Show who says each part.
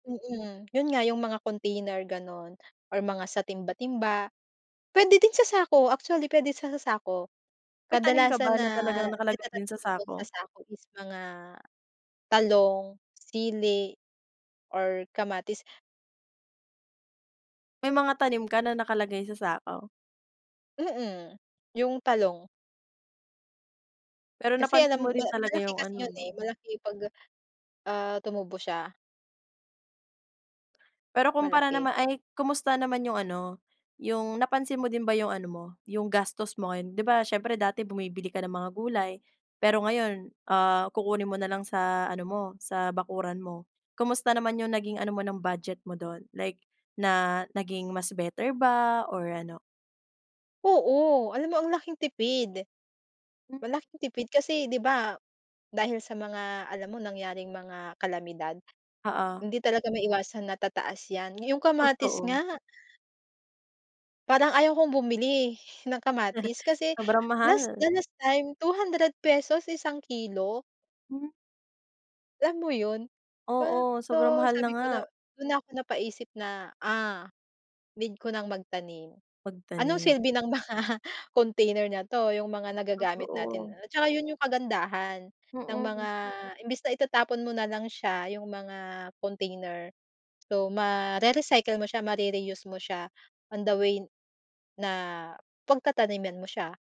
Speaker 1: Mm, 'yon nga 'yong mga container gano'n or mga sa timba-timba. Puwede din sa sako, actually puwede sa sa sako.
Speaker 2: May tanim ka
Speaker 1: Kadalasan
Speaker 2: ba
Speaker 1: na
Speaker 2: na talagang nakalagay din
Speaker 1: natatanim
Speaker 2: sa
Speaker 1: ko do'n
Speaker 2: sako?
Speaker 1: sa sako is mga talong, sili, or kamatis.
Speaker 2: May mga tanim ka na nakalagay sa sako?
Speaker 1: Mm, 'yong talong.
Speaker 2: Pero
Speaker 1: Kasi
Speaker 2: napansin
Speaker 1: alam
Speaker 2: mo
Speaker 1: ma
Speaker 2: rin talaga
Speaker 1: malaki
Speaker 2: 'yong
Speaker 1: kasi
Speaker 2: ano,
Speaker 1: 'yon, eh,
Speaker 2: 'no?
Speaker 1: malaki 'pag, ah, tumubo siya.
Speaker 2: Pero kumpara
Speaker 1: Malaki.
Speaker 2: naman ay, kumusta naman 'yong ano, 'yong napansin mo din ba 'yong ano mo, 'yong gastos mo ngayon? 'Di ba siyempre dati bumibili ka ng mga gulay pero ngayon, ah, kukunin mo na lang sa ano mo, sa bakuran mo. Kumusta naman 'yong naging ano mo ng budget mo do'n? Like na naging mas better ba or ano?
Speaker 1: Oo, alam mo, ang laking tipid.
Speaker 2: Hmm.
Speaker 1: Malaking tipid kasi, 'di ba, dahil sa mga, alam mo, nangyaring mga kalamidad
Speaker 2: Oo.
Speaker 1: hindi talaga maiiwasan na tataas 'yan, nga 'yong kamatis
Speaker 2: Totoo.
Speaker 1: nga Parang ayaw kong bumili ng kamatis kasi
Speaker 2: Sobrang
Speaker 1: last
Speaker 2: mahal.
Speaker 1: the last time ₱200 isang kilo.
Speaker 2: Hmm.
Speaker 1: Alam mo 'yon? 'Ba,
Speaker 2: Oo, sobrang
Speaker 1: so
Speaker 2: mahal na
Speaker 1: sabi ko
Speaker 2: nga.
Speaker 1: na do'n na ako napaisip na, ah, "Need ko nang magtanim. Anong
Speaker 2: Pagtanim.
Speaker 1: silbi ng mga, ah, container na to, 'yong mga nagagamit natin."
Speaker 2: Totoo.
Speaker 1: At saka 'yon 'yong kagandahan ng
Speaker 2: Mm.
Speaker 1: mga imbes na itatapon mo na lang siya, 'yong mga container. So, mare-recycle mo siya mare-reuse mo siya on the way na pagtataniman mo siya.